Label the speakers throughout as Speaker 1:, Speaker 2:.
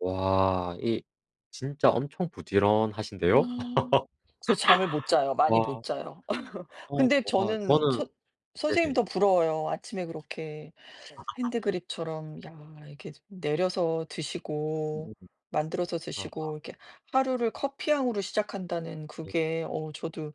Speaker 1: 와 이 진짜 엄청 부지런하신데요?
Speaker 2: 아 그래서 잠을 못 자요. 많이
Speaker 1: 와.
Speaker 2: 못 자요.
Speaker 1: 어
Speaker 2: 근데
Speaker 1: 뭐가
Speaker 2: 저는
Speaker 1: 저는
Speaker 2: 선 선생님
Speaker 1: 네네.
Speaker 2: 더 부러워요. 아침에 그렇게 핸드 드립처럼 야 이렇게 내려서 드시고 만들어서
Speaker 1: [unintelligible]
Speaker 2: 드시고 이렇게 하루를 커피향으로 시작한다는
Speaker 1: 네.
Speaker 2: 그게 어 저도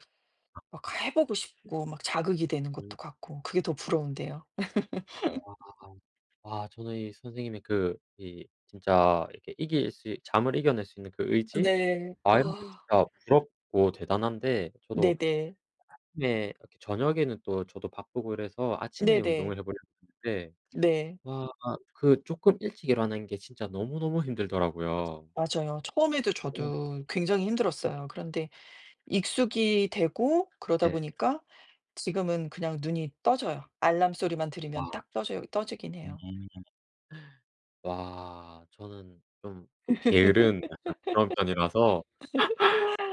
Speaker 1: 아.
Speaker 2: 막 해 보고 싶고 막 자극이 되는
Speaker 1: 음.
Speaker 2: 것도 같고 그게 더 부러운데요.
Speaker 1: 우와. 아 저는 이 선생님의 그 이 진짜 이렇게 이길 수 잠을 이겨낼 수 있는 그 의지
Speaker 2: 네.
Speaker 1: 마인드
Speaker 2: 아.
Speaker 1: 자체가 부럽고 대단한데 저도
Speaker 2: 네네.
Speaker 1: 네. 이렇게 저녁에는 또 저도 바쁘고 그래서 아침에
Speaker 2: 네네.
Speaker 1: 운동을 해 보려고 하는데
Speaker 2: 네.
Speaker 1: 와 그 쪼끔 일찍 일어나는 게 진짜 너무너무 힘들더라고요.
Speaker 2: 맞아요. 처음에도
Speaker 1: 예.
Speaker 2: 저도 굉장히
Speaker 1: 으.
Speaker 2: 힘들었어요. 그런데 익숙이 되고 그러다
Speaker 1: 예.
Speaker 2: 보니까 지금은 그냥 눈이 떠져요. 알람 소리만 들으면
Speaker 1: 와.
Speaker 2: 딱 떠져요 떠지긴
Speaker 1: 음
Speaker 2: 해요.
Speaker 1: 음 음. 와 저는 좀 게으른 약간 그런 편이라서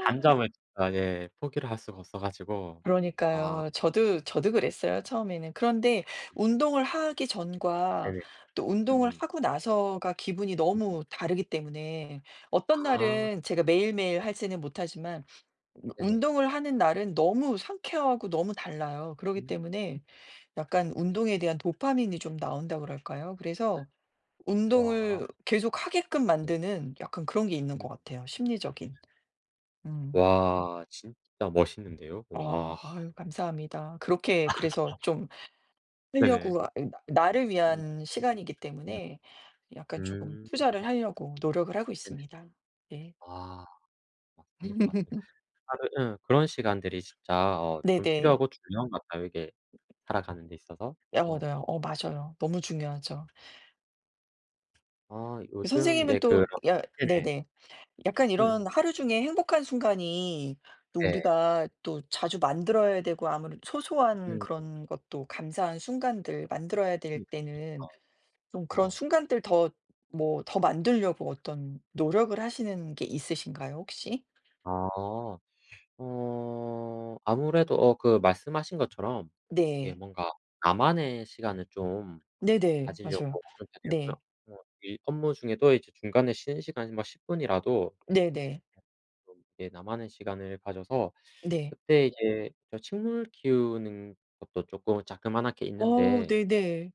Speaker 1: 단잠을 진짜 예 포기를 할 수가 없어 가지고 아.
Speaker 2: 그러니까요. 저도 저도 그랬어요, 처음에는. 그런데 운동을 하기 전과
Speaker 1: 네네.
Speaker 2: 또 운동을
Speaker 1: 음.
Speaker 2: 하고 나서가 기분이
Speaker 1: 으음.
Speaker 2: 너무 다르기 때문에 어떤
Speaker 1: 아.
Speaker 2: 날은 제가 매일매일
Speaker 1: 예.
Speaker 2: 하지는 못하지만
Speaker 1: 네네.
Speaker 2: 운동을 하는 날은 너무 상쾌하고 너무 달라요. 그러기
Speaker 1: 음. [unintelligible]
Speaker 2: 때문에 약간 운동에 대한 도파민이 좀 나온다 그럴까요? 그래서
Speaker 1: 와.
Speaker 2: 운동을 계속 하게끔
Speaker 1: 네.
Speaker 2: 만드는 약간 그런 게 있는
Speaker 1: 음.
Speaker 2: 것 같아요, 심리적인. 음.
Speaker 1: 와 진짜 멋있는데요. 우와.
Speaker 2: 어우 아유 감사합니다. 그렇게 그래서 좀
Speaker 1: 네네.
Speaker 2: 하려고 아 이 나 나를
Speaker 1: 음.
Speaker 2: 위한 시간이기
Speaker 1: 음.
Speaker 2: 때문에 약간 조금
Speaker 1: 음.
Speaker 2: 투자를 하려고 노력을 하고
Speaker 1: 네네.
Speaker 2: 있습니다. 네.
Speaker 1: 아. 맞습니다, 맞습니다. 아 그 음. 그런 시간들이 진짜 어 좀
Speaker 2: 네네.
Speaker 1: 필요하고 중요한 것 같아요. 이게 살아가는데 있어서.
Speaker 2: 어
Speaker 1: 어.
Speaker 2: 얻어요. 어 맞아요. 너무 중요하죠.
Speaker 1: 아
Speaker 2: 그
Speaker 1: 요즘
Speaker 2: 선생님은
Speaker 1: 네 그런
Speaker 2: 또 야
Speaker 1: 네네.
Speaker 2: 네네. 약간 이런
Speaker 1: 으음.
Speaker 2: 하루 중에 행복한 순간이 또
Speaker 1: 네.
Speaker 2: 우리가 또 자주 만들어야 되고 아무래도 소소한
Speaker 1: 음 음.
Speaker 2: 그런 것도 감사한 순간들 만들어야 될
Speaker 1: 음
Speaker 2: 때는
Speaker 1: 어.
Speaker 2: 좀 그런
Speaker 1: 어.
Speaker 2: 순간들 더 뭐 더 만들려고 어떤 노력을 하시는 게 있으신가요 혹시?
Speaker 1: 아. 어 아무래도 어 그 말씀하신 것처럼 이게
Speaker 2: 네.
Speaker 1: 뭔가 나만의 시간을 좀
Speaker 2: 네네. 맞아요.
Speaker 1: 가지려고 하는 편이었고요.
Speaker 2: 네.
Speaker 1: 뭐 일 업무 중에도 이제 중간에 쉬는 시간이 막 10
Speaker 2: 네네.
Speaker 1: 어 뭐 예 나만의 시간을 가져서
Speaker 2: 네.
Speaker 1: 그때 이제 저 식물 키우는 것도 쪼끔 자그만하게
Speaker 2: 어
Speaker 1: 있는데
Speaker 2: 네네.